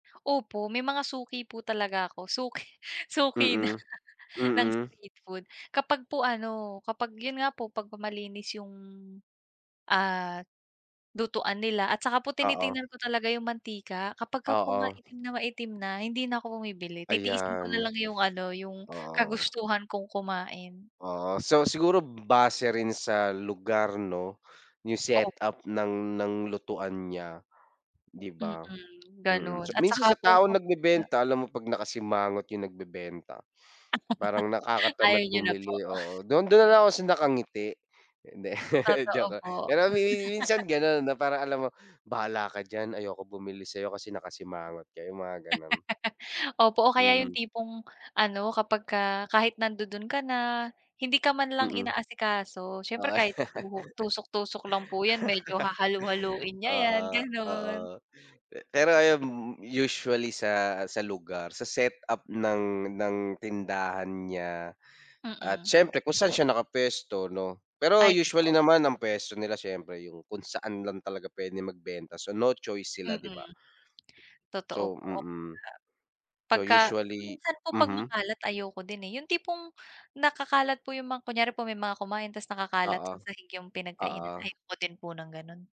Opo, may mga suki po talaga ako. Suki suki na Mm. ng Mm. street food. Kapag po ano kapag yun nga po pagkamalinis yung, ah, lutuan nila at saka po Oo. tinitingnan ko talaga yung mantika. Kapag ka po Oo. maitim na maitim na hindi na ako bumibili titiisin ko na Ayan. lang yung ano, yung Oo. kagustuhan kong kumain. Oo. So, siguro base rin sa lugar, 'no, yung set Opo. up ng ng lutuan niya, 'di Mm, ba? Mm, gano'n so at minsan saka sa po taong kapagka nagbebenta alam mo pag nakasimangot yung nagbebenta parang Ayaw nakakatamad niyo na po. bumili, oo. Do'n, do'n na lang ako nakangiti. Hindi Totoo joke lang. po. Pero mi mi minsan gano'n, 'no? Parang alam mo, "Bahala ka diyan, ayoko bumili sa'yo kasi nakasimangot ka." Yung mga ganon. Opo. O, kaya yung Mm. tipong ano kapag ka kahit nandudun ka na hindi ka man lang Mm. inaasikaso. Siyempre, Oo, kahit tuhok tusok-tusok lang po yan medyo hahalu-haluin niya oo, yan, ganun. oo. Pe pero ayum m m usually sa sa lugar, sa set up ng ng tindahan niya at Mm. siyempre kung saan siya nakapuwesto, 'no? Pero Ay, usually totoo po. naman ang puwesto nila siyempre yung kung saan lang talaga pwede magbenta. So, no choice sila, 'di Mm. ba? Totoo So po, oo nga. mm. So, Pagka usually minsan po pag mhm. makalat ayoko din, eh. Yung tipong nakakalat po yung mga kunyari po may mga kumain tas nakakalat Oo. sa sahig yung pinagkainan Oo. ayoko din po ng gano'n.